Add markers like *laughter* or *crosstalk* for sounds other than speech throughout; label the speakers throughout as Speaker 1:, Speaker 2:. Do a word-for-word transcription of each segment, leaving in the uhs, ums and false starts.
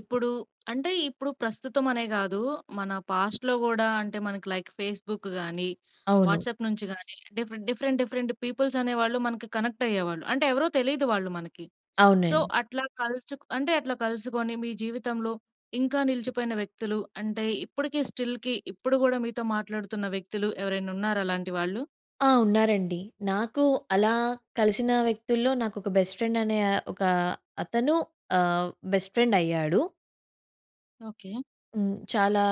Speaker 1: ఇప్పుడు అంటే ఇప్పుడు ప్రస్తుతం అనే కాదు. మన పాస్ట్‌లో కూడా అంటే మనకి లైక్ ఫేస్‌బుక్ గాని,
Speaker 2: అవును.
Speaker 1: వాట్సాప్ నుంచి గాని డిఫరెంట్, డిఫరెంట్ డిఫరెంట్ పీపుల్స్ అనే వాళ్ళు మనకి కనెక్ట్ అయ్యేవాళ్ళు. అంటే ఎవరో తెలియదు వాళ్ళు మనకి. సో
Speaker 2: అవునండి.
Speaker 1: అట్లా కలుసు అంటే అట్లా కలుసుకొని మీ జీవితంలో ఇంకా నిలిచిపోయిన వ్యక్తులు అంటే, ఇప్పటికి స్టిల్‌కి ఇప్పుడు కూడా మీతో మాట్లాడుతున్న వ్యక్తులు. ఎవరైనా ఉన్నారా అలాంటి వాళ్ళు?
Speaker 2: ఆ! ఉన్నారండి. నాకు అలా కలిసిన వ్యక్తుల్లో నాకు ఒక బెస్ట్ ఫ్రెండ్ అనే, ఒక అతను ఆహ్, బెస్ట్ ఫ్రెండ్ అయ్యాడు.
Speaker 1: ఓకె.
Speaker 2: హ్మ్. చాలా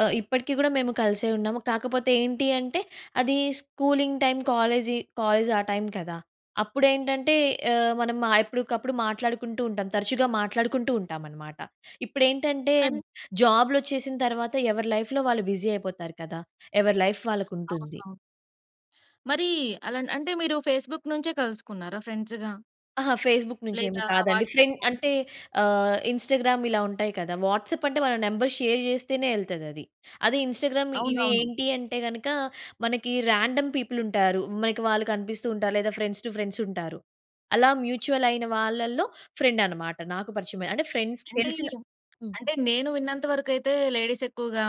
Speaker 2: అ ఇప్పటికి కూడా మేము కలిసే ఉన్నాము. కాకపోతే ఏంటి అంటే అది స్కూలింగ్ టైం కాలేజి, కాలేజ్ ఆ టైం కదా, అప్పుడు ఆహ్, ఏంటంటే మనం ఎప్పటికప్పుడు మాట్లాడుకుంటూ ఉంటాం తరచుగా మాట్లాడుకుంటూ ఉంటాం అన్నమాట. ఇప్పుడేంటంటే
Speaker 1: కాని
Speaker 2: జాబ్‌లొచ్చేసిన తర్వాత ఎవరి లైఫ్‌లో వాళ్ళు బిజీ అయిపోతారు కదా. ఎవరి లైఫ్ వాళ్ళకి ఉంటుంది.
Speaker 1: అవసరం. మరి ఆలన్ అంటే మీరు ఫేస్‌బుక్ నుంచే కలుసుకున్నారా ఫ్రెండ్స్‌గా?
Speaker 2: అహా! ఫేస్‌బుక్ నుంచి ఏమి
Speaker 1: లేదా
Speaker 2: కాదండి. Friend
Speaker 1: WhatsApp?
Speaker 2: అంటే ఆహ్, ఇన్‌స్టా‌గ్రామ్ ఇలా ఉంటాయి కదా. వాట్సాప్ అంటే వాళ్ళ నంబర్ షేర్ చేస్తేనే వెళ్తది అది. అదె ఇన్‌స్టా‌గ్రామ్ ఇవి
Speaker 1: అవునవును.
Speaker 2: ఏంటి అంటే గనక, మనకి రాండమ్ పీపుల్ ఉంటారు. మనకి వాళ్ళు కనిపిస్తూ ఉంటారు లేదా ఫ్రెండ్స్ టు ఫ్రెండ్స్ ఉంటారు. అలా మ్యూచువల్ అయిన వాళ్ళలో ఫ్రెండ్ అన్నమాట. నాకు పరిచయం అయిన అంటే ఫ్రెండ్స్
Speaker 1: అంటే ఈ
Speaker 2: తెలిసిన హ్మ్.
Speaker 1: అంటే నేను విన్నంత వరకు అయితే లేడీస్ ఎక్కువగా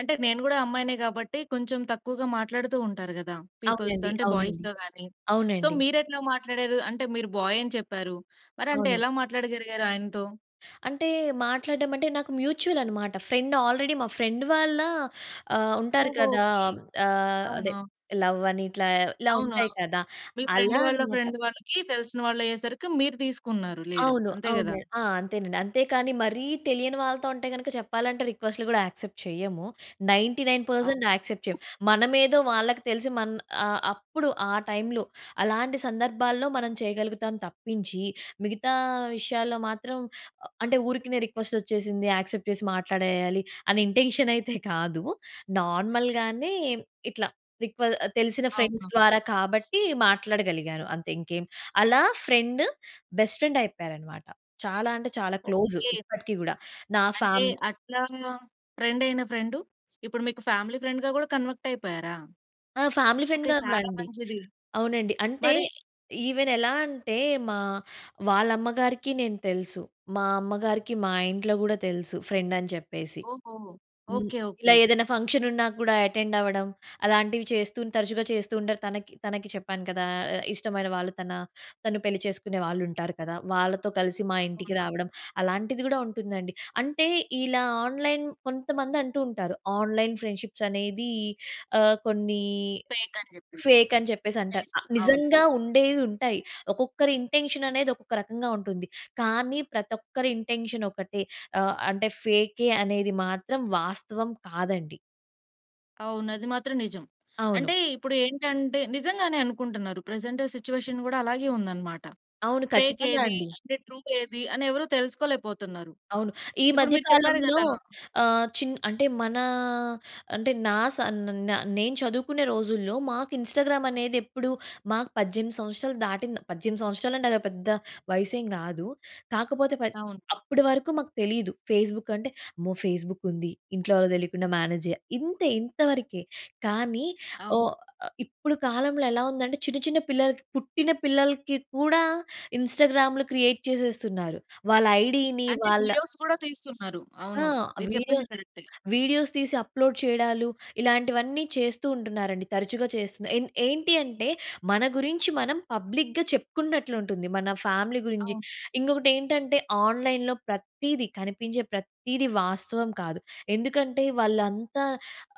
Speaker 1: అంటే నేను కూడా అమ్మాయినే కాబట్టి కొంచెం తక్కువగా మాట్లాడుతూ ఉంటారు కదా, పీపుల్స్‌తో
Speaker 2: అవునండి.
Speaker 1: అంటే
Speaker 2: అవునండి.
Speaker 1: బాయ్స్‌తో గాని. సో
Speaker 2: అవునండి.
Speaker 1: మీరు ఎట్లా మాట్లాడారు? అంటే మీరు బాయ్ అని చెప్పారు, మరి అంటే
Speaker 2: అవును.
Speaker 1: ఎలా మాట్లాడగలిగారు ఆయనతో?
Speaker 2: అంటే మాట్లాడటం అంటే నాకు మ్యూచువల్ అన్నమాట. ఫ్రెండ్ ఆల్రెడీ మా ఫ్రెండ్ వాళ్ళ ఆహ్, ఉంటారు
Speaker 1: ఓహో.
Speaker 2: కదా
Speaker 1: ఓకె.
Speaker 2: ఆహ్, అదే
Speaker 1: అవునా?
Speaker 2: లవ్ అని ఇట్లా ఇలా
Speaker 1: అవునా!
Speaker 2: ఉంటాయి కదా.
Speaker 1: మీ ఫ్రెండ్
Speaker 2: అలా
Speaker 1: వాళ్ళ
Speaker 2: అన్నమాట.
Speaker 1: ఫ్రెండ్ వాళ్ళకి, తెలిసిన వాళ్ళయ్యేసరికి మీరు తీసుకున్నారు లీడ్.
Speaker 2: అవును,
Speaker 1: అంతే కదా?
Speaker 2: అవును. ఆ! అంతేనండి అంతే కానీ, మరి తెలియని వాళ్ళతో అంటే గనుక చెప్పాలంటే రిక్వెస్ట్‌లు కూడా యాక్సెప్ట్ చేయము నైన్టీ నైన్ పర్సెంట్
Speaker 1: అవును.
Speaker 2: యాక్సెప్ట్ చేయము. మనమేదో వాళ్ళకి తెలిసి మన్ ఆహ్, అప్పుడు ఆ టైంలో. అలాంటి సందర్భాల్లో మనం చేయగలుగుతాం తప్పించి మిగతా విషయాల్లో మాత్రం అంటే ఊరికినే రిక్వెస్ట్ వచ్చేసింది, యాక్సెప్ట్ చేసి మాట్లాడేయాలి అనే ఇంటెన్షన్ అయితే కాదు. నార్మల్‌గానే ఇట్ల రిక్వె తెలిసిన ఫ్రెండ్స్
Speaker 1: అవునవును.
Speaker 2: ద్వారా కాబట్టి మాట్లాడగలిగాను అంతే ఇంకేం అలా ఫ్రెండ్, బెస్ట్ ఫ్రెండ్ అయిపోయారు అన్నమాట. చాలా అంటే చాలా క్లోజ్
Speaker 1: ఓకె.
Speaker 2: ఇప్పటికి కూడా నా
Speaker 1: అంటే
Speaker 2: ఫామ్
Speaker 1: అట్లా, ఫ్రెండ్ అయిన ఫ్రెండ్ ఇప్పుడు మీకు ఫ్యామిలీ ఫ్రెండ్‌గా కూడా కన్వర్ట్ అయిపోయారా?
Speaker 2: ఆ ఫ్యామిలీ
Speaker 1: ఓకె
Speaker 2: ఫ్రెండ్‌గా కూడా
Speaker 1: చాలా
Speaker 2: అండి.
Speaker 1: మంచిది.
Speaker 2: అవునండి. అంటే
Speaker 1: మరి
Speaker 2: ఈవెన్ ఎలా అంటే మా వాళ్ళ అమ్మగారికి నేను తెలుసు. మా అమ్మగారికి మా ఇంట్లో కూడా తెలుసు ఫ్రెండ్ అని చెప్పేసి.
Speaker 1: ఓహో.
Speaker 2: హ్మ్.
Speaker 1: ఓకె ఓకె
Speaker 2: ఇలా
Speaker 1: ఓకె.
Speaker 2: ఏదైనా ఫంక్షన్ ఉన్న కూడా అటెండ్ అవ్వడం, అలాంటివి చేస్తూ తరచుగా చేస్తూ ఉంటారు. తనకి తనకి చెప్పాను కదా, ఆహ్, ఇష్టమైన వాళ్ళు తన తను పెళ్లి చేసుకునే వాళ్ళు ఉంటారు కదా. వాళ్ళతో కలిసి మా ఇంటికి రావడం అలాంటిది కూడా ఉంటుంది అండి. అంటే ఇలా ఆన్‌లైన్ కొంతమంది అంటూ ఉంటారు ఆన్‌లైన్ ఫ్రెండ్‌షిప్స్ అనేది ఆహ్, కొన్ని
Speaker 1: ఫేక్ అని చెప్పేసి.
Speaker 2: ఫేక్ అని చెప్పేసి అంటారు.
Speaker 1: ఫేక్ అవును.
Speaker 2: నిజంగా ఉండేవి ఉంటాయి. ఒక్కొక్కరి ఇంటెన్షన్ అనేది ఒక్కొక్క రకంగా ఉంటుంది. కానీ ప్రతి ఒక్కరి ఇంటెన్షన్ ఒకటే ఆహ్, అంటే ఫేకే అనేది మాత్రం వాస్తవం కాదండి.
Speaker 1: అవును. అది మాత్రం నిజం. అంటే
Speaker 2: అవును.
Speaker 1: ఇప్పుడు ఏంటంటే నిజంగానే అనుకుంటున్నారు. ప్రెజెంట్ సిట్యుయేషన్ కూడా అలాగే ఉందన్నమాట.
Speaker 2: అవును.
Speaker 1: ఫేక్
Speaker 2: ఖచ్చితంగా
Speaker 1: ఏది
Speaker 2: అండి.
Speaker 1: అంటే ట్రూ ఏది అని ఎవరు తెలుసుకోలేకపోతున్నారు.
Speaker 2: అవును. ఈ
Speaker 1: ఇప్పుడు
Speaker 2: మధ్య
Speaker 1: మీరు చెప్పారు
Speaker 2: కాలంలో
Speaker 1: కదా!
Speaker 2: ఆహ్, చిన్ అంటే మనా అంటే నా సన్ న నేను చదువుకునే రోజుల్లో మాకు ఇన్‌స్టాగ్రామ్ అనేది ఎప్పుడు మాకు పద్దెనిమిది సంవత్సరాలు దాటిం పద్దెనిమిది సంవత్సరాలు అంటే అది పెద్ద వయనేసేమి కాదు. కాకపోతే పద్
Speaker 1: అవును.
Speaker 2: అప్పటి వరకు మాకు తెలీదు. ఫేస్‌బుక్ అంటే అమ్మో! ఫేస్‌బుక్ ఉంది, ఇంట్లో వాళ్ళకి తెలియకుండా మేనేజ్ చెయ్యా ఇంతే ఇంతవరకే. కానీ,
Speaker 1: అవ్
Speaker 2: ఓ ఆహ్, ఇప్పుడు కాలంలో ఎలా ఉందంటే చిన్న చిన్న పిల్లలకి, పుట్టిన పిల్లలకి కూడా ఇన్‌స్టాగ్రామ్‌లు క్రియేట్ చేసేస్తున్నారు. వాళ్ళ ఐడీని
Speaker 1: అంటే
Speaker 2: వాళ్ళ
Speaker 1: వీడియోస్ కూడా తీస్తున్నారు.
Speaker 2: ఆ!
Speaker 1: అవును. మీరు చెప్పింది
Speaker 2: వీడియోస్,
Speaker 1: కరెక్టే.
Speaker 2: వీడియోస్ తీసి అప్లోడ్ చేయడాలు. ఇలాంటివన్నీ చేస్తూ ఉంటున్నారండి, తరచుగా చేస్తున్నారు. ఏం ఏంటి అంటే మన గురించి మనం పబ్లిక్‌గా చెప్పుకున్నట్లు ఉంటుంది. మన ఫ్యామిలీ గురించి.
Speaker 1: అవును.
Speaker 2: ఇంకొకటేంటంటే ఆన్‌లైన్‌లో ప్రతీది, కనిపించే ప్రతీది వాస్తవం కాదు. ఎందుకంటే వాళ్ళంతా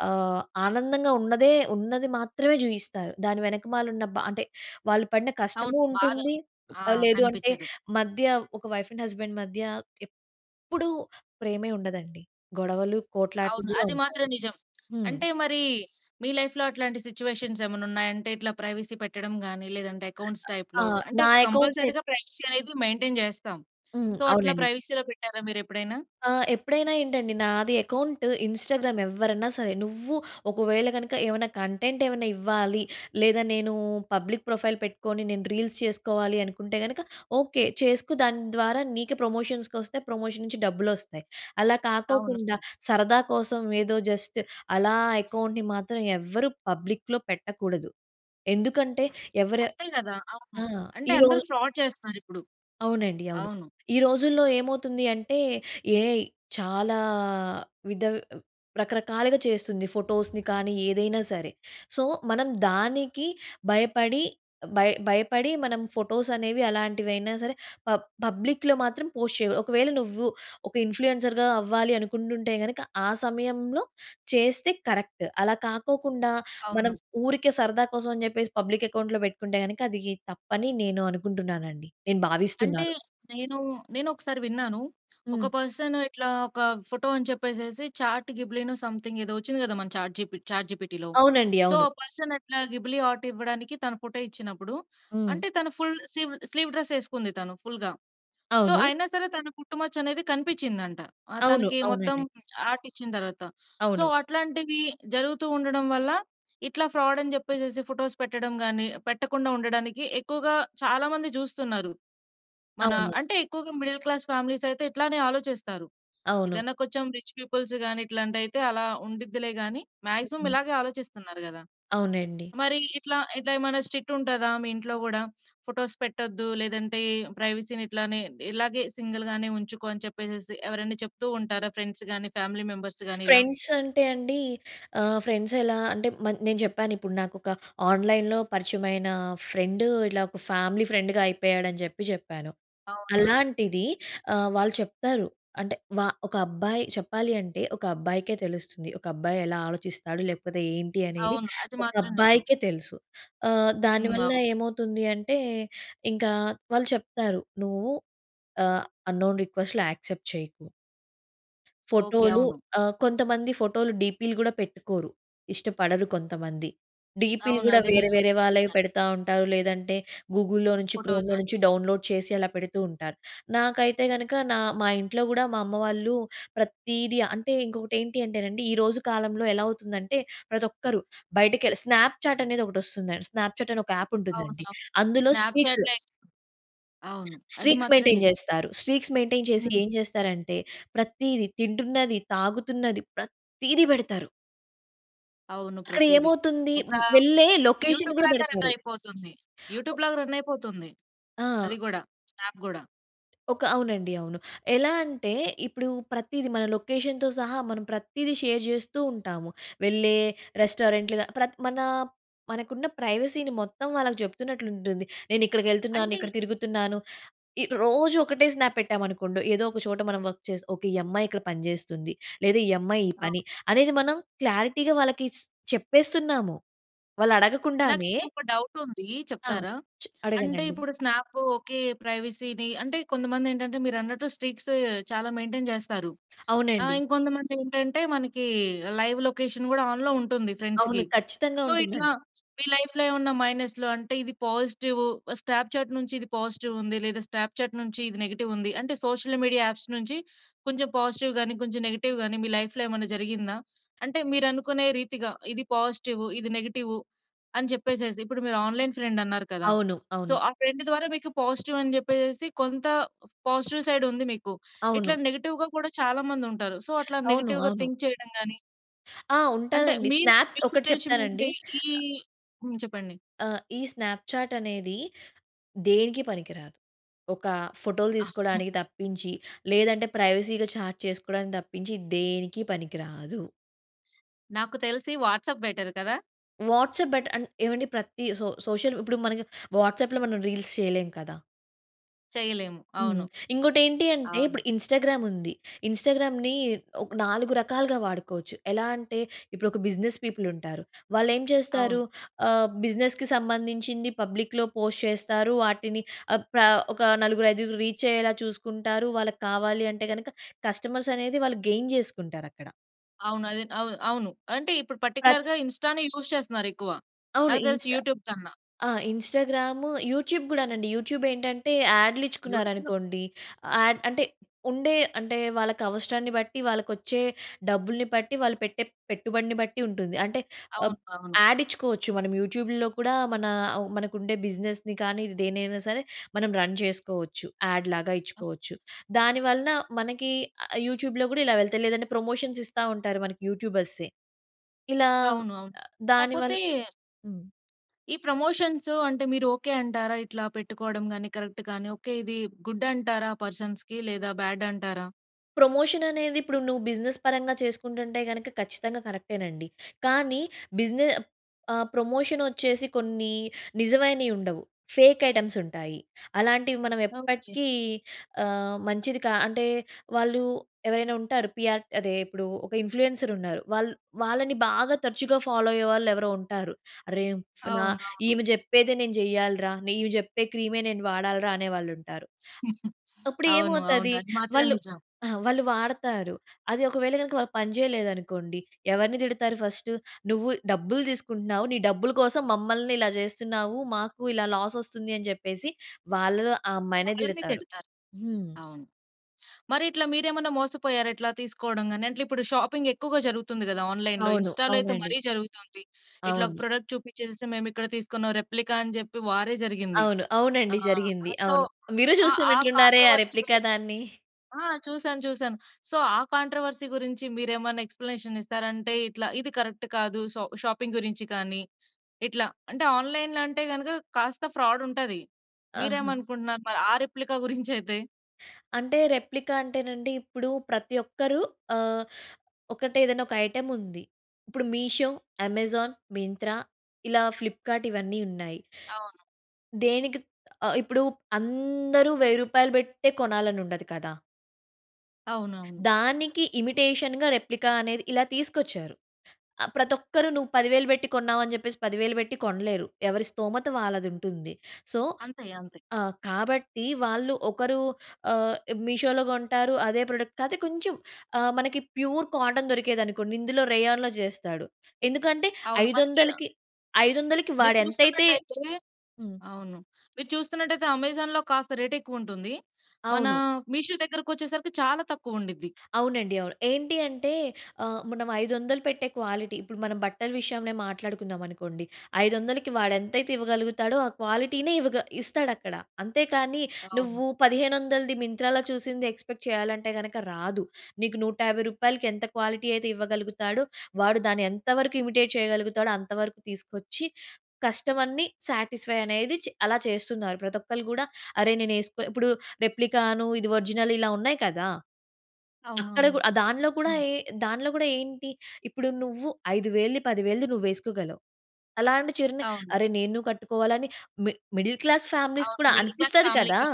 Speaker 2: ఆహ్, ఆనందంగా ఉన్నదే, ఉన్నది మాత్రమే చూపిస్తారు. దాని వెనకమాల ఉన్న బా అంటే వాళ్ళు పడిన
Speaker 1: అవును.
Speaker 2: కష్టము
Speaker 1: బాధ
Speaker 2: ఉంటుంది.
Speaker 1: ఆ
Speaker 2: లేదు అంటే
Speaker 1: కనిపించదు.
Speaker 2: మధ్య ఒక వైఫ్ అండ్ హస్బాండ్ మధ్య ఎప్పుడు ప్రేమే ఉండదండి, గొడవలు, కోట్లాటలు
Speaker 1: అవును.
Speaker 2: కూడా
Speaker 1: అది
Speaker 2: ఉంటాయి.
Speaker 1: మాత్రం నిజం.
Speaker 2: హ్మ్.
Speaker 1: అంటే మరి మీ లైఫ్‌లో అట్లాంటి సిట్యుయేషన్స్ ఏమన్నున్నాయా? అంటే ఇట్లా ప్రైవసీ పెట్టడం గాని, లేదంటే అకౌంట్స్
Speaker 2: ఆ!
Speaker 1: టైప్‌లో అంటే
Speaker 2: నా అకౌంట్ అయి
Speaker 1: కంపల్సరీ‌గా ప్రైవసీ అనేది మెయింటైన్ చేస్తాం.
Speaker 2: హ్మ్?
Speaker 1: సో, అట్లా
Speaker 2: అవునండి.
Speaker 1: ప్రైవసీ‌లో పెట్టారా మీరెప్పుడైనా?
Speaker 2: ఆ! ఎప్పుడైనా ఏంటి అండి, నాది అకౌంట్ ఇన్‌స్టాగ్రామ్ ఎవ్వరైనా సరే నువ్వు ఒకవేళ గనుక ఏమైనా కంటెంట్ ఏవన్నా ఇవ్వాలి, లేదా నేను పబ్లిక్ ప్రొఫైల్ పెట్టుకొని, నేను రీల్స్ చేసుకోవాలి అనుకుంటే గనుక ఓకే. చేసుకో. దాని ద్వారా నీకే ప్రమోషన్స్‌కి వస్తాయి, ప్రమోషన్ నుంచి డబ్బులు వస్తాయి. అలా
Speaker 1: అవును.
Speaker 2: కాకోకుండా సరదా కోసం ఏదో జస్ట్ అలా అకౌంట్‌ని మాత్రం ఎవరు పబ్లిక్‌లో పెట్టకూడదు. ఎందుకంటే ఎవరు
Speaker 1: అంతే కదా! అవును.
Speaker 2: ఆ!
Speaker 1: అంటే
Speaker 2: ఈ రో
Speaker 1: అందరూ ఫ్రాడ్ చేస్తున్నారిప్పుడు.
Speaker 2: అవునండి. అవును.
Speaker 1: అవును.
Speaker 2: ఈ రోజుల్లో ఏమవుతుంది అంటే ఏఐ చాలా విధ రకరకాలుగా చేస్తుంది. ఫోటోస్‌ని కానీ ఏదైనా సరే. సో, మనం దానికి భయపడి, భయ్ భయపడి మనం ఫోటోస్ అనేవి అలాంటివి అయినా సరే, ప పబ్లిక్‌లో మాత్రం పోస్ట్ చేయాకూడదు. ఒకవేళ నువ్వు ఒక ఇన్‌ఫ్లూయెన్సర్‌గా అవ్వాలి అనుకుంటుంటే గనుక ఆహ్, సమయంలో చేస్తే కరెక్ట్. అలా కాకోకుండా, మనం
Speaker 1: అవును.
Speaker 2: ఊరికే సరదా కోసం అని చెప్పేసి పబ్లిక్ అకౌంట్‌లో పెట్టుకుంటే గనుక అది తప్పుని నేను అనుకుంటున్నానండి, నేను
Speaker 1: అంటే
Speaker 2: భావిస్తున్నాను.
Speaker 1: నేను, నేను ఒకసారి విన్నాను. ఒక
Speaker 2: హ్మ్.
Speaker 1: పర్సన్ ఇట్లా ఒక ఫోటో అని చెప్పేసేసి, చాట్ గిబ్లీ‌నో సంథింగ్ ఏదో వచ్చింది కదా! మన చాట్ చాట్ జిపిటీలో.
Speaker 2: అవునండి.
Speaker 1: సో,
Speaker 2: అవును.
Speaker 1: ఆహ్, పర్సన్ అట్లా గిబ్లీ ఆర్ట్ ఇవ్వడానికి తన ఫోటో ఇచ్చినప్పుడు,
Speaker 2: హ్మ్.
Speaker 1: అంటే తను ఫుల్ స్లీవ్ డ్రెస్ వేసుకుంది, తను ఫుల్‌గా. సో
Speaker 2: అవును.
Speaker 1: అయినా సరే, తన పుట్టుమచ్చ అనేది కనిపించిందంట. ఆహ్,
Speaker 2: అవును.
Speaker 1: తనకి మొత్తం
Speaker 2: అవునండి.
Speaker 1: ఆర్ట్ ఇచ్చిన తర్వాత. సో,
Speaker 2: అవును.
Speaker 1: అట్లాంటివి జరుగుతూ ఉండడం వల్ల, ఇట్లా ఫ్రాడ్ అని చెప్పేసేసి ఫోటోస్ పెట్టడం కానీ, పెట్టకుండా ఉండడానికి ఎక్కువగా చాలా మంది చూస్తున్నారు. మన
Speaker 2: అవును.
Speaker 1: అంటే ఎక్కువగా మిడిల్ క్లాస్ ఫ్యామిలీస్ అయితే ఇట్లానే ఆలోచిస్తారు.
Speaker 2: అవును.
Speaker 1: ఏదైనా కొంచెం రిచ్ పీపుల్స్‌గాని ఇట్లాంటివి అయితే అలా ఉండిద్దిలే గాని, మాక్సిమం ఇలాగే ఆలోచిస్తున్నారు కదా!
Speaker 2: అవునండి.
Speaker 1: మరి ఇట్లా, ఇట్లా ఏమైనా స్ట్రిక్ట్ ఉంటదా? మీ ఇంట్లో కూడా ఫోటోస్ పెట్టొద్దు, లేదంటే ప్రైవసీని ఇట్లానే ఇలాగే సింగిల్ గానే ఉంచుకో అని చెప్పేసి ఎవరైనా చెప్తూ ఉంటారా ఫ్రెండ్స్ గాని, ఫ్యామిలీ మెంబర్స్ గాని ఇలా?
Speaker 2: ఫ్రెండ్స్ అంటే అండి, ఆహ్, ఫ్రెండ్స్ ఎలా అంటే మ నేను చెప్పాను ఇప్పుడు. నాకొక ఆన్‌లైన్‌లో పరిచయమైన ఫ్రెండ్ ఇట్ల ఒక ఫ్యామిలీ ఫ్రెండ్‌గా అయిపోయాడని చెప్పి చెప్పాను.
Speaker 1: అవునా?
Speaker 2: అలాంటిది ఆహ్, వాళ్ళు చెప్తారు అంటే వా ఒక అబ్బాయి చెప్పాలి అంటే ఒక అబ్బాయికే తెలుస్తుంది. ఒక అబ్బాయి ఎలా ఆలోచిస్తాడు? లేకపోతే ఏంటి? అనేది
Speaker 1: అవును. అది
Speaker 2: ఒక
Speaker 1: మాత్రం నిజం.
Speaker 2: అబ్బాయికే తెలుసు. ఆహ్, దాని
Speaker 1: హ్మ్.
Speaker 2: వల్ల
Speaker 1: ఆ!
Speaker 2: ఏమవుతుంది అంటే ఇంకా వాళ్ళు చెప్తారు. నువ్వు ఆహ్, అంనోన్ రిక్వెస్ట్‌లు యాక్సెప్ట్ చేయకు
Speaker 1: ఓకె.
Speaker 2: ఫోటోలు
Speaker 1: అవును.
Speaker 2: ఆహ్, కొంతమంది ఫోటోలు డీపీలు కూడా పెట్టుకోరు. ఇష్టపడరు కొంతమంది. డీపీలు
Speaker 1: అవును.
Speaker 2: కూడా
Speaker 1: అది
Speaker 2: వేరే
Speaker 1: నిజం.
Speaker 2: వేరే వాళ్ళవి
Speaker 1: నిజంగానే.
Speaker 2: పెడతా ఉంటారు. లేదంటే గూగుల్‌లో నుంచి
Speaker 1: ఫోటోస్
Speaker 2: క్రోమ్‌లో
Speaker 1: అన్ని.
Speaker 2: నుంచి డౌన్‌లోడ్ చేసి అలా పెడుతూ ఉంటారు. నాకైతే గనుక నా మా ఇంట్లో కూడా మా అమ్మ వాళ్ళు, ప్రతీది అంటే ఇంకొకటి ఏంటి అంటే నండి ఈరోజు కాలంలో ఎలా అవుతుందంటే అంటే ప్రతి ఒక్కరు బయటకెళ్ళి స్నాప్‌చాట్ అనేది ఒకటి వస్తుంది. స్నాప్‌చాట్ అనే ఒక ఆప్
Speaker 1: అవును.
Speaker 2: ఉంటుందండి.
Speaker 1: అవును.
Speaker 2: అందులో స్టీక్స్
Speaker 1: స్నాప్‌చాట్‌లో అయితే. అవును. అది
Speaker 2: స్ట్రీక్స్
Speaker 1: మాత్రం
Speaker 2: మెయింటైన్
Speaker 1: నిజం.
Speaker 2: చేస్తారు. స్ట్రీక్స్ మెయింటైన్ చేసి
Speaker 1: హ్మ్.
Speaker 2: ఏం చేస్తారంటే, ప్రతిదీ తింటున్నది, తాగుతున్నది, ప్రతిది పెడతారు.
Speaker 1: అవును.
Speaker 2: అక్కడ
Speaker 1: ప్రతీది.
Speaker 2: ఏమవుతుంది?
Speaker 1: ఒకా
Speaker 2: వెళ్ళే లొకేషన్ గూడా
Speaker 1: యూటూ‌బ్‌లాగా
Speaker 2: పెడతారు.
Speaker 1: రన్నయిపోతుంది.
Speaker 2: ఓహ్!
Speaker 1: యూటూబ్‌లాగా రన్నయిపోతుంది,
Speaker 2: ఆ!
Speaker 1: అది గూడా, స్నాప్ గూడా.
Speaker 2: ఒక అవునండి. అవును. ఎలా అంటే, ఇప్పుడూ ప్రతీది మన లొకేషన్‌తో సహా, మనం ప్రత్తీది షేర్ చేస్తూ ఉంటాము. వెళ్ళే రెస్టారెంట్‌లు గా ప్రత్ మనా మనకున్న ప్రైవసీని మొత్తం వాళ్ళకు చెప్తున్నట్లుంటుంది. నేను ఇక్కడికెళ్తున్నాను,
Speaker 1: అంటే
Speaker 2: ఇక్కడ తిరుగుతున్నాను. ఇ రోజూ ఒకటే స్నాప్ పెట్టామనుకోండొ, ఏదో ఒక చోట మనం వర్క్ చేస్ ఓకే. ఈ అమ్మాయి ఇక్కడ పని చేస్తుంది. లేదా, ఈ అమ్మాయి ఈ
Speaker 1: ఆ!
Speaker 2: పని, అనేది మనం క్లారిటీగా వాళ్ళకీ స్ చెప్పేస్తున్నాము. వాళ్ళు
Speaker 1: నాకు
Speaker 2: అడగకుండానే
Speaker 1: ఇంకొక డౌటుందీ
Speaker 2: ఆ!
Speaker 1: చెప్తారా?
Speaker 2: చ్
Speaker 1: అంటే,
Speaker 2: అడగండండి.
Speaker 1: ఇప్పుడు స్నాప్పు ఓకే. ప్రైవసీ‌ని అంటే, కొంతమందేంటంటే, మీరన్నట్టు స్ట్రీక్స్ చాలా మెయింటెయిన్ చేస్తారు. ఆహ్,
Speaker 2: అవునండి.
Speaker 1: ఇంకొంతమందేంటంటే, మనకీ లైవ్ లొకేషన్ గూడా ఆన్‌‌లో ఉంటుంది
Speaker 2: అవును.
Speaker 1: ఫ్రెండ్స్‌కి.
Speaker 2: ఖచ్చితంగా
Speaker 1: సో, ఇట్లా
Speaker 2: ఉంటుందండి.
Speaker 1: మీ లైఫ్‌లో ఏవన్నా మైనస్లు అంటే, ఇది పాజిటివు స్టాప్‌చాట్ నుంచి ఇది పాజిటివుంది, లేదా, స్టాప్‌చాట్ నుంచి ఇది నెగెటివుంది. అంటే, సోషల్ మీడియా యాప్స్ నుంచి కొంచెం పాజిటివ్ గానీ, కొంచెం నెగెటివ్ గానీ, మీ లైఫ్‌లో ఏమన్నా జరిగిందా? అంటే, మీరనుకునే రీతిగా ఇది పాజిటివు, ఇది నెగెటివు అని చెప్పేసేసి. ఇప్పుడు మీరు ఆన్‌లైన్ ఫ్రెండన్నారు కదా!
Speaker 2: అవును.
Speaker 1: సో,
Speaker 2: అవును.
Speaker 1: ఆ ఫ్రెండ్ ద్వారా మీకు పాజిటివని చెప్పేసేసి కొంత పాజిటివ్ సైడుంది మీకు. ఇట్లా
Speaker 2: అవును.
Speaker 1: నెగిటివ్‌గా కూడా చాలా మందుంటారు. సో, అట్లా
Speaker 2: అవును,
Speaker 1: నెగెటివ్‌‌గా
Speaker 2: అవును.
Speaker 1: థింక్ చెయడం గానీ
Speaker 2: ఆ!
Speaker 1: అంటే
Speaker 2: ఉంటాదండి
Speaker 1: మీరు
Speaker 2: స్నాప్‌
Speaker 1: మీకు
Speaker 2: ఒకటి
Speaker 1: ఉద్దేశం
Speaker 2: చెప్తానండి.
Speaker 1: ఏంటి? ఈ హ్మ్. చెప్పండి.
Speaker 2: ఆహ్! ఈ స్నాప్‌చాట్ అనేది దేనికి పనికి రాదు. ఒక ఫోటో‌లు
Speaker 1: *chuckles*
Speaker 2: తీసుకోవడానికి తప్పించి, లేదంటే ప్రైవసీ‌గా చాట్ చేసుకోవడానికి తప్పించి దేనికి పనికి రాదు.
Speaker 1: నాకు తెలిసి వాట్సాప్ బెటర్ కదా!
Speaker 2: వాట్సాప్ బెట ఆన్ ఏవండీ ప్రతి సో సోషల్ ఇప్పుడు మనకి వాట్సాప్‌లో మనం రీల్స్ చేయలేం కదా!
Speaker 1: చేయలేము.
Speaker 2: హ్మ్.
Speaker 1: అవును.
Speaker 2: ఇంకోటి ఏంటి అంటే,
Speaker 1: అవును.
Speaker 2: ఇప్పుడు ఇన్‌స్టాగ్రామ్ ఉంది. ఇన్‌స్టాగ్రామ్‌ని ఒక్ నాలుగు రకాలుగా వాడుకోవచ్చు. ఎలా అంటే ఇప్పుడు ఒక బిజినెస్ పీపుల్ ఉంటారు. వాళ్ళు ఏం చేస్తారు?
Speaker 1: అవును.
Speaker 2: ఆహ్, బిజినెస్‌కి సంబంధించింది పబ్లిక్‌లో పోస్ట్ చేస్తారు. వాటిని ఆహ్, ప్ర ఒక నలుగురు ఐదుగురు రీచ్ అయ్యేలా చూసుకుంటారు. వాళ్ళకి కావాలి అంటే గనక కస్టమర్స్ అనేది వాళ్ళు గెయిన్ చేసుకుంటారక్కడ.
Speaker 1: అవును. అదే అవ్ అవును. అంటే ఇప్పుడు పార్టిక్యులర్‌గా ఇన్‌స్టా‌నే యూజ్ చేస్తున్నారు ఎక్కువ.
Speaker 2: అవును.
Speaker 1: నాకు తెలిసి
Speaker 2: ఇన్‌స్టా
Speaker 1: యూట్యూబ్ కన్నా.
Speaker 2: ఆ! ఇన్‌స్టాగ్రామ్ యూట్యూబ్ కూడానండి. యూట్యూబ్ ఏంటంటే యాడ్‌లు
Speaker 1: యూట్యూబ్‌లో
Speaker 2: ఇచ్చుకున్నారనుకోండి. యాడ్ అంటే ఉండే అంటే వాళ్ళకి అవసరాన్ని బట్టి, వాళ్ళకొచ్చే డబ్బుల్ని బట్టి, వాళ్ళు పెట్టే పెట్టుబడిని బట్టి ఉంటుంది. అంటే ఆహ్,
Speaker 1: అవును. అవును.
Speaker 2: యాడ్ ఇచ్చుకోవచ్చు. మనం యూట్యూబ్‌లో కూడా మన అవ్ మనకు ఉండే బిజినెస్‌ని కానీ దేనైనా సరే మనం రన్ చేసుకోవచ్చు. యాడ్ లాగా ఇచ్చుకోవచ్చు. దాని వలన మనకి ఆహ్, యూట్యూబ్‌లో కూడా ఇలా వెళ్తాయి. లేదంటే ప్రమోషన్స్ ఇస్తా ఉంటారు మనకి యూట్యూబర్సే. ఇలా
Speaker 1: అవును. అవును. కాపోతే...
Speaker 2: దానివల్ హ్మ్.
Speaker 1: ఈ ప్రమోషన్స్ అంటే మీరు ఓకే. అంటారా? ఇట్లా పెట్టుకోవడం కానీ, కరెక్ట్‌గా‌ని ఓకే. ఇది గుడ్ అంటారా? పర్సన్స్‌కి లేదా బ్యాడ్ అంటారా?
Speaker 2: ప్రమోషన్ అనేది ఇప్పుడు నువ్వు బిజినెస్ పరంగా చేసుకుంటుంటే గనుక ఖచ్చితంగా కరెక్టే నండి. కానీ బిజినె ఆహ్, ప్రమోషన్ వచ్చేసి కొన్ని నిజమైనవి ఉండవు. ఫేక్ ఐటెమ్స్ ఉంటాయి. అలాంటివి మనం
Speaker 1: ఓకే.
Speaker 2: ఎప్పటికి ఆహ్, మంచిది కా అంటే వాళ్ళు ఎవరైనా ఉంటారు. పిఆర్ అదే ఇప్పుడు ఒక ఇన్‌ఫ్లూయెన్సర్ ఉన్నారు. వాల్ వాళ్ళని బాగా తరచుగా ఫాలో అయ్యేవాళ్ళు ఎవరో ఉంటారు. "అరె! ఫన
Speaker 1: అవునవును.
Speaker 2: ఈమె చెప్పేది నేను చెయ్యాలి‌రా. ఈమె చెప్పే క్రీమే నేను వాడాలిరా" అనే వాళ్ళుంటారు.
Speaker 1: *chuckles*
Speaker 2: అప్పుడు
Speaker 1: అవును. అవును.
Speaker 2: ఏమవుతది
Speaker 1: అది మాత్రం
Speaker 2: వాళ్ళు
Speaker 1: నిజం.
Speaker 2: ఆ! వాళ్ళు వాడతారు. అది ఒకవేళ గనక వాళ్ళు పని చేయలేదనుకోండి ఎవరిని తిడతారు ఫస్ట్, "నువ్వు డబ్బులు తీసుకుంటున్నావు. నీ డబ్బులు కోసం మమ్మల్ని ఇలా చేస్తున్నావు. మాకు ఇలా లాస్ వస్తుంది" అని చెప్పేసి వాళ్ళలో ఆ అమ్మాయినే
Speaker 1: వాళ్ళనే
Speaker 2: తిడతారు.
Speaker 1: తిడతారు.
Speaker 2: హ్మ్!
Speaker 1: అవును. మరి ఇట్లా మీరేమైనా మోసపోయారా? ఇట్లా తీసుకోవడం గాని అంట్లే ఇప్పుడు షాపింగ్ ఎక్కువగా జరుగుతుంది కదా ఆన్‌లైన్‌లో.
Speaker 2: అవును.
Speaker 1: ఇన్‌స్టాలో అయితే
Speaker 2: అవునండి.
Speaker 1: మరీ జరుగుతుంది. ఇట్లా ఒక
Speaker 2: అవును.
Speaker 1: ప్రొడక్ట్ చూపించేసి మేము ఇక్కడ తీసుకున్నాం. రెప్లికా అని చెప్పి వారే జరిగింది.
Speaker 2: అవును.
Speaker 1: ఆ!
Speaker 2: అవునండి. జరిగింది.
Speaker 1: సో
Speaker 2: అవును. మీరు
Speaker 1: ఆ
Speaker 2: చూసినట్లు ఉన్నారే ఆ
Speaker 1: కాంట్రోవర్సీ
Speaker 2: రెప్లికా
Speaker 1: గురించి
Speaker 2: దాన్ని?
Speaker 1: ఆ! చూసాను చూసాను. సో ఆ కాంట్రోవర్సీ గురించి మీరేమన్నా ఎక్స్‌ప్లనేషన్ ఇస్తారా? అంటే ఇట్లా ఇది కరెక్ట్ కాదు. సా షాపింగ్ గురించి కానీ ఇట్లా. అంటే ఆన్‌లైన్‌లో అంటే గనుక కాస్త ఫ్రాడ్ ఉంటది.
Speaker 2: ఆహా!
Speaker 1: మీరేమనుకుంటున్నారు? మరి ఆ రెప్లికా గురించయితే?
Speaker 2: అంటే రెప్లికా అంటేనండి ఇప్పుడు ప్రతి ఒక్కరు ఆహ్, ఒకటే ఏదైనా ఒక ఐటెమ్ ఉంది. ఇప్పుడు మీషో, అమెజాన్, మింత్రా ఇలా ఫ్లిప్‌కర్ట్ ఇవన్నీ ఉన్నాయి.
Speaker 1: అవును.
Speaker 2: దేనికి‌స్ ఆహ్, ఇప్పుడు అందరూ వెయ్యి రూపాయలు పె‌ట్టే కొనాలని ఉండదు కదా!
Speaker 1: అవునవును.
Speaker 2: దానికి ఇమిటేషన్‌గా రెప్లికా అనేది, ఇలా తీసుకొచ్చారు. ఆ ప్రతిఒక్కరు నువ్వు పదివేలు పెట్టి కొన్నావు అని చెప్పేసి, పదివేలు పెట్టి కొనలేరు. ఎవరి స్థోమత వాళ్ళది ఉంటుంది. సో
Speaker 1: అంతే. అంతే.
Speaker 2: ఆ! కాబట్టి వాళ్ళు ఒకరు ఆహ్, మీషోలో కొంటారు అదే ప్రొడక్ట్ కా‌తే కొంచెం ఆహ్, మనకి ప్యూర్ కాటన్ దొరికేది అనుకోండి ఇందులో రేయన్‌లో చేస్తాడు. ఎందుకంటే
Speaker 1: అవును.
Speaker 2: ఐదు
Speaker 1: మనకి‌ ఆహ్
Speaker 2: వందలకి ఐదు వందలకి
Speaker 1: మీరు
Speaker 2: వాడు ఎంతైతే
Speaker 1: చూస్తున్నట్టయితే
Speaker 2: హ్మ్.
Speaker 1: అవును. మీరు చూస్తున్నట్టయితే అమెజాన్‌లో కాస్త రేట్ ఎక్కువ ఉంటుంది. మన
Speaker 2: అవును.
Speaker 1: మీషో దగ్గరకి వచ్చేసరికి చాలా తక్కువుండిద్ది.
Speaker 2: అవునండి, అవును. ఏంటి అంటే ఆహ్, మనం ఐదు వందలు పెట్టే క్వాలిటీ ఇప్పుడు మనం బట్టల విషయం‌నే మాట్లాడుకుందాం అనుకోండి. ఐదు వందలకి వాడు ఎంతైతే ఇవ్వగలుగుతాడో ఆ క్వాలిటీ‌నే ఇవగ ఇస్తాడు అక్కడ. అంతే కానీ
Speaker 1: అవును.
Speaker 2: నువ్వు పదిహేను వందలది మింత్రా‌లో చూసింది ఎక్స్‌పేక్ట్ చేయాలంటే గనుక రాదు. నీకు నూట యాభై రూపాయలకి ఎంత క్వాలిటీ అయితే ఇవ్వగలుగుతాడో వాడు దాన్ని ఎంతవరకు ఇమిటేట్ చేయగలుగుతాడో అంత వరకు తీసుకొచ్చి కస్టమర్‌ని సాటిస్ఫై అనేది చె అలా చేస్తున్నారు. ప్రతి ఒక్కళ్ళు కూడా అరే నేను వేసుకో ఇప్పుడు రెప్లికాను ఇది ఒరిజినల్ ఇలా ఉన్నాయి కదా!
Speaker 1: అవును,
Speaker 2: అక్కడ
Speaker 1: అవును.
Speaker 2: కూడా ఆహ్, దాంట్లో కూడా
Speaker 1: అ!
Speaker 2: ఏ దాంట్లో కూడా ఏంటి? ఇప్పుడు నువ్వు ఐదు వేలది పది వేలది నువ్వు వేసుకోగలవు. అలాంటి చీరనే
Speaker 1: అవును.
Speaker 2: అరె నేను కట్టుకోవాలని అని మి మిడిల్ క్లాస్ ఫ్యామిలీస్‌కు
Speaker 1: అవును.
Speaker 2: కూడా
Speaker 1: మిడిల్ క్లాస్
Speaker 2: అనిపిస్తది కదా!
Speaker 1: ఫ్యామిలీ‌కి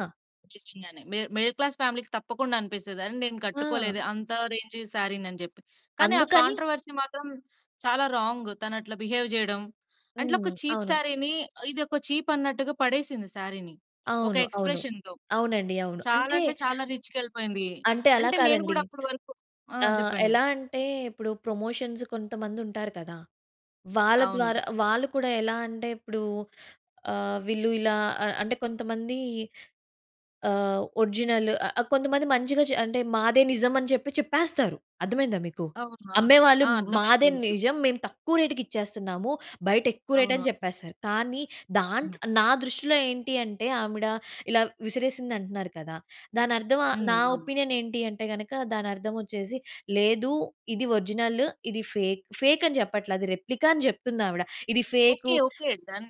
Speaker 1: నిజంగానే. మిడ్ మిడిల్ క్లాస్ ఫ్యామిలీ‌కి తప్పకుండా అనిపిస్తది అరే నేను కట్టుకోలే‌దే
Speaker 2: ఆ!
Speaker 1: అంత రేంజ్ సారీని అని చెప్పి. కానీ ఆ
Speaker 2: అందుకని.
Speaker 1: కాంట్రోవర్సీ మాత్రం చాలా రాంగ్ తను అట్లా బిహేవ్ చేయడం అట్లా, ఒక
Speaker 2: హ్మ్.
Speaker 1: చీప్
Speaker 2: అవును.
Speaker 1: సారీని ఇది ఒక చీప్ అన్నట్టుగా పడేసింది సారీని ఒక
Speaker 2: అవును, అవును.
Speaker 1: ఎక్స్‌ప్రేషన్‌తో.
Speaker 2: అవునండి అవును.
Speaker 1: చాలా
Speaker 2: అంటే
Speaker 1: అంటే చాలా రీచ్‌కి వెళ్ళిపోయింది.
Speaker 2: అంటే అలా
Speaker 1: అంటే నేను
Speaker 2: కాదండి.
Speaker 1: కూడా అప్పటి వరకు ఆ!
Speaker 2: ఆహ్,
Speaker 1: చెప్పండి.
Speaker 2: ఎలా అంటే ఇప్పుడు ప్రమోషన్స్ కొంతమంది ఉంటారు కదా! వాళ్ళ
Speaker 1: అవును.
Speaker 2: ద్వారా, వాళ్ళు కూడా ఎలా అంటే ఇప్పుడు ఆహ్, వీళ్ళు ఇలా ఆహ్, ఆహ్, అంటే కొంతమంది ఆహ్, ఒరిజినల్ ఆహ్, ఆహ్, కొంతమంది మంచిగా‌చే అంటే మాదే నిజం అని చెప్పి చెప్పేస్తారు. అర్థమయిందా మీకు.
Speaker 1: అవును, అవును.
Speaker 2: అమ్మేవాళ్ళు
Speaker 1: ఆ! అర్థమైయింది.
Speaker 2: మాదే
Speaker 1: తెలుసు.
Speaker 2: నిజం. మేము తక్కువ రేట్‌కి ఇచ్చేస్తున్నాము. బయట ఎక్కువ రేట్ అని
Speaker 1: అవును‌.
Speaker 2: చెప్పేస్తారు. కానీ
Speaker 1: అవును.
Speaker 2: దాంట్లో, నా దృష్టిలో ఏంటి అంటే ఆమిడ ఇలా విసిరేసింది అంటున్నారు కదా! దాని అర్థం ఆహ్,
Speaker 1: హ్మ్.
Speaker 2: నా
Speaker 1: అవును.
Speaker 2: ఒపీనియన్ ఏంటి అంటే గనుక దాని అర్థం వచ్చేసి లేదు. ఇది ఒరిజినల్. ఇది ఫేక్. ఫేక్ అని చెప్పట్లే. అది రెప్లికా అని చెప్తుంది ఆవిడ. ఇది ఫేకు
Speaker 1: ఓకె, ఓకె. డన్.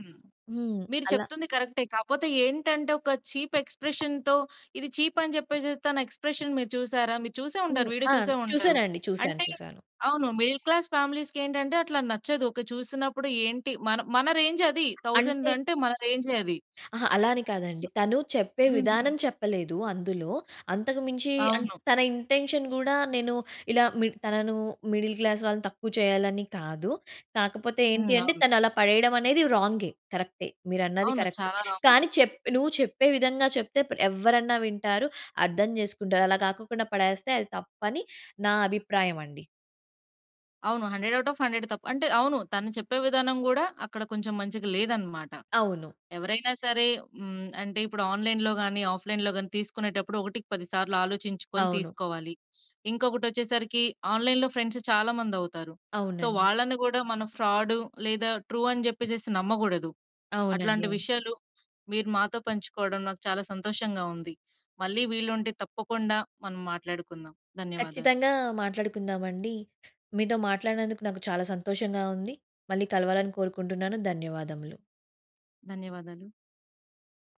Speaker 2: హ్మ్.
Speaker 1: మీరు
Speaker 2: అలా.
Speaker 1: చెప్తుంది కరెక్టే. కాకపోతే ఏంటంటే ఒక చీప్ ఎక్స్‌ప్రేషన్‌తో ఇది చీప్ అని చెప్పేసి తన ఎక్స్ప్రెషన్ మీరు చూసారా? మీరు చూసే ఉంటారు.
Speaker 2: హ్మ్.
Speaker 1: వీడియో
Speaker 2: ఆ!
Speaker 1: చూసే ఉంటారు.
Speaker 2: చూసానండి. చూసాను.
Speaker 1: అంటే
Speaker 2: చూసాను.
Speaker 1: అవును, మిడిల్ క్లాస్ ఫ్యామిలీస్‌కి ఏంటంటే అట్లా నచ్చదు. ఒక చూసినప్పుడు ఏంటి మన మన రేంజ్ అది. థౌసండ్
Speaker 2: అంటే
Speaker 1: అంటే మన రేం‌జే అది.
Speaker 2: అహా! అలా అని
Speaker 1: స్
Speaker 2: కాదండి. తను చెప్పే
Speaker 1: హ్మ్.
Speaker 2: విధానం చెప్పలేదు, అందులో. అంతకు మించి అంట్
Speaker 1: అవును.
Speaker 2: తన ఇంటెన్షన్ కూడా నేను ఇలా మిడి తనను మిడిల్ క్లాస్ వాళ్ళని తక్కువ చేయాలి అని కాదు. కాకపోతే
Speaker 1: హ్మ్,
Speaker 2: ఏంటి అంటే
Speaker 1: అవును.
Speaker 2: తను అలా పడేయడం అనేది రాం‌గే. కరెక్టే. మీరు అన్నది
Speaker 1: అవును.
Speaker 2: కరెక్టే.
Speaker 1: చాలా రాంగ్.
Speaker 2: కానీ చెప్ నువ్వు చెప్పే విధంగా చెప్తే‌ ప్ ఎవ్వరన్నా వింటారు. అర్థం చేసుకుంటారు. అలా కాకొకుండా పడేస్తే అది తప్పని నా అభిప్రాయం అండి.
Speaker 1: అవును. హండ్రెడ్ ఔట్ ఆఫ్ హండ్రెడ్ తప్పు. అంటే అవును. తను చెప్పే విధానం కూడా అక్కడ కొంచెం మంచిగా లేదన్నమాట.
Speaker 2: అవును.
Speaker 1: ఎవరైనా సరే, హ్మ్. అంటే ఇప్పుడు ఆన్‌లైన్‌లో గాని, ఆఫ్‌లైన్‌లో గాని తీసుకునేటప్పుడు ఒకటికి పది సార్లు ఆలోచించుకొని
Speaker 2: అవును.
Speaker 1: తీసుకోవాలి. ఇంకొకటి వచ్చేసరికి ఆన్‌లైన్‌లో ఫ్రెండ్స్ చాలా మంది అవుతారు. సో
Speaker 2: అవునండి.
Speaker 1: వాళ్ళని కూడా మనం ఫ్రాడ్ లేదా ట్రూ అని చెప్పేసేసి నమ్మకూడదు.
Speaker 2: అవునండి.
Speaker 1: అట్లాంటి
Speaker 2: అవును.
Speaker 1: విషయాలు, మీరు మాతో పంచుకోవడం నాకు చాలా సంతోషంగా ఉంది. మళ్ళీ వీలుంటే తప్పకుండా మనం మాట్లాడుకుందాం. ధన్యవాదాలు.
Speaker 2: కచ్చితంగా మాట్లాడుకుందాం అండి. మీతో మాట్లాడినందుకు నాకు చాలా సంతోషంగా ఉంది. మళ్ళి కలవాలని కోరుకుంటున్నాను ధన్యవాదములు.
Speaker 1: ధన్యవాదాలు.